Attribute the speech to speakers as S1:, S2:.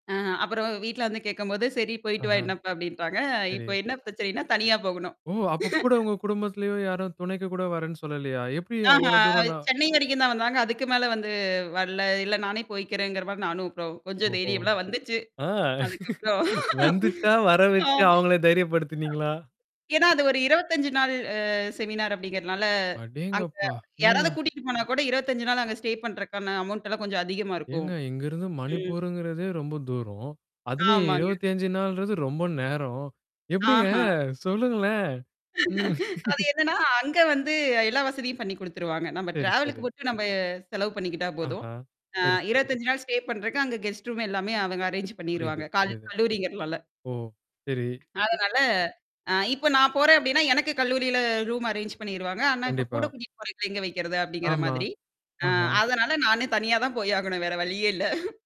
S1: அ அப்புறம் வீட்ல வந்து கேட்கும்போது, "சரி. போயிட்டு வா
S2: அஹா.
S1: என்ன இப்ப" அப்படின்டாங்க.
S2: சரி.
S1: இப்ப என்ன பிரச்சனைன்னா, தனியா போகணும்.
S2: ஓ! அப்பக் கூட உங்க குடும்பத்திலேயோ, யாரும் துணைக்குக் கூட வர்றேன்னு சொல்லலையா? எப்பிடி
S1: ஆஹா.
S2: அவ்வளோ தூரம்னா?
S1: சென்னை வரைக்கும்தான் வந்தாங்க. அதுக்கு மேல வந்து வரல்ல. இல்ல நானே போயிக்கிறேன்ங்கிற மாரி, நானும் அப்பறம் கொஞ்சம்
S2: ஓஹோ.
S1: தைரியம்லாம் வந்துச்சு.
S2: ஆ.
S1: அதுக்கப்புறம்.
S2: வந்துச்சா? வர வச்சு அவங்கள தைரியப்படுத்தினீங்களா?
S1: ஏன்னா, அது ஒரு 25 நாள் அ செமினார் அப்பிடிங்கறதால, அங்க
S2: அடேங்கப்பா!
S1: யாராவது
S2: ம்.
S1: கூட்டிட்டு போனா கூட, 25 நாள் அங்க ஸ்டே பண்றதுக்கான அமௌண்ட்டெல்லாம் கொஞ்சம் அதிகமா இருக்கும்.
S2: ஏங்க, இங்கிருந்து
S1: ம்.
S2: மணிப்புருங்கிறதே ரொம்ப தூரம். அதிலயே
S1: ஆமாங்க.
S2: 25 நாள்றது ரொம்ப நேரம். எப்பிடிங்க?
S1: ஆஹா.
S2: சொல்லுங்களேன். உம்.
S1: அது என்னன்னா, அங்க வந்து எல்லா வசதியும் பண்ணி குடுத்துடுவாங்க. நம்ப
S2: சரி,
S1: டிராவலுக்கு
S2: சரி.
S1: மட்டும் நம்ப செலவு பண்ணிக்கிட்டா போதும்.
S2: ஆஹா.
S1: அ
S2: சரி, சரி.
S1: 25 நாள் ஸ்டே பண்றதுக்கு அங்க கெஸ்ட் ரூம் எல்லாமே அவங்க அரேன்ஜ்
S2: புரியுது,
S1: பண்ணிருவாங்க. கால
S2: புரியுது.
S1: கல்லூரிங்கறதால.
S2: ஓ சரி.
S1: அதனால, அ இப்ப நான் போறேன், அப்படின்னா, எனக்குக் கல்லூரியில ரூம் அரேன்ஜ் பண்ணிருவாங்க. ஆனா, இப்ப
S2: கண்டிப்பா.
S1: கூடக் கூட்டிட்டு போறவைங்கள எங்க வைக்கிறது அப்பிடிங்கிற
S2: ஆமா.
S1: மாதிரி.
S2: ஆஹா.
S1: அதனால, நானு தனியா தான் போய் ஆகணும். வேற வழியே இல்ல.